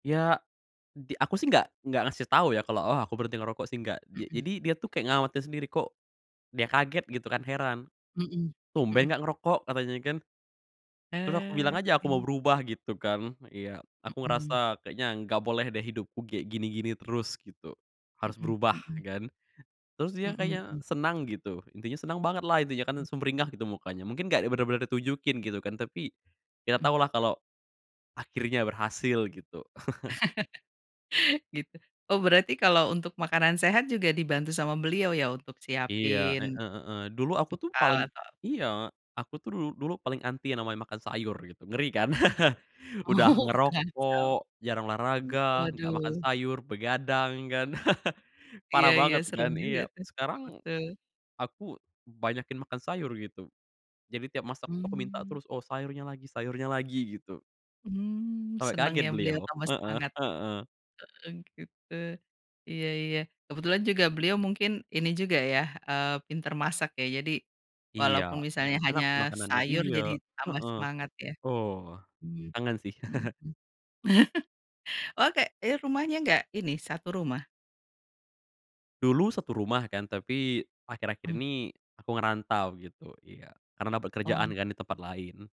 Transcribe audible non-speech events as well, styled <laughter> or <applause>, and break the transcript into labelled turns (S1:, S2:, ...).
S1: Ya, di aku sih nggak nggak ngasih tau ya, kalo, oh aku berhenti ngerokok sih, nggak. Ja
S2: Mhm.
S1: jadi dia tuh, kek ngawatir sendiri. Kok dia kaget gitu kan, heran.
S2: Mhm,
S1: "Tumben
S2: mhm.
S1: nggak ngerokok?" katanya kan. Terus aku bilang aja, aku mau
S2: Oke.
S1: berubah, gitu kan. Iya. Aku
S2: Mhm.
S1: ngerasa kayaknya, nggak boleh deh, hidupku kayak gini-gini terus, gitu. Harus
S2: Mhm
S1: berubah,
S2: mhm.
S1: kan. Terus dia
S2: Mhm
S1: kayak
S2: mhm.
S1: senang, gitu. Intinya senang banget lah, intinya kan.
S2: Mmm.
S1: Sumringah gitu, mukanya. Mungkin nggak bener-bener ditunjukin gitu, kan, tapi, kita
S2: Mhm.
S1: tahulah kalau akhirnya berhasil, gitu. <chuckles>
S2: <chuckles> Gitu. Oh, berarti kalau untuk makanan sehat, juga dibantu sama beliau, ya? Untuk
S1: Iya. Heeh
S2: siapin,
S1: heeh. Dulu aku tuh,
S2: bekal
S1: paling
S2: atau, eee
S1: iya. Aku tuh dul dulu paling anti yang namanya makan sayur, gitu. Ngeri kan? <chuckles> Udah
S2: Oh,
S1: ngerokok,
S2: kacau.
S1: jarang
S2: Mmm.
S1: olahraga, nggak makan
S2: Waduh!
S1: sayur, begadang, kan. <chuckles>
S2: Iya
S1: Parah
S2: iya,
S1: banget
S2: serem
S1: kan. Iya.
S2: juga tuh.
S1: Sekarang,
S2: Betul.
S1: aku banyakin makan sayur, gitu. Jadi tiap masak tuh, aku minta
S2: Mmm.
S1: terus. Oh sayurnya lagi sayurnya lagi, gitu.
S2: Mmm
S1: Sampai
S2: seneng
S1: kaget
S2: ya, beliau
S1: beliau.
S2: tambah
S1: Heeh.
S2: semangat.
S1: Heeh.
S2: Oh, gitu. Iya iya. Kebetulan juga beliau mungkin, ini juga ya, eee, pinter masak ya. Jadi,
S1: Iya.
S2: walaupun misalnya
S1: Enak
S2: hanya
S1: sih makanannya.
S2: sayur,
S1: Iya.
S2: jadi tambah
S1: Heeh.
S2: semangat ya.
S1: Oh.
S2: Mmm.
S1: Kangen sih. <chuckles>
S2: Mhm. <chuckles> Oh, kayak, jadi rumahnya nggak, ini, satu rumah?
S1: Dulu satu rumah, kan, tapi, akhir-akhir
S2: Hmm.
S1: ini, aku ngerantau gitu. Iya. Karena
S2: Oh.
S1: pekerjaan kan, di tempat lain.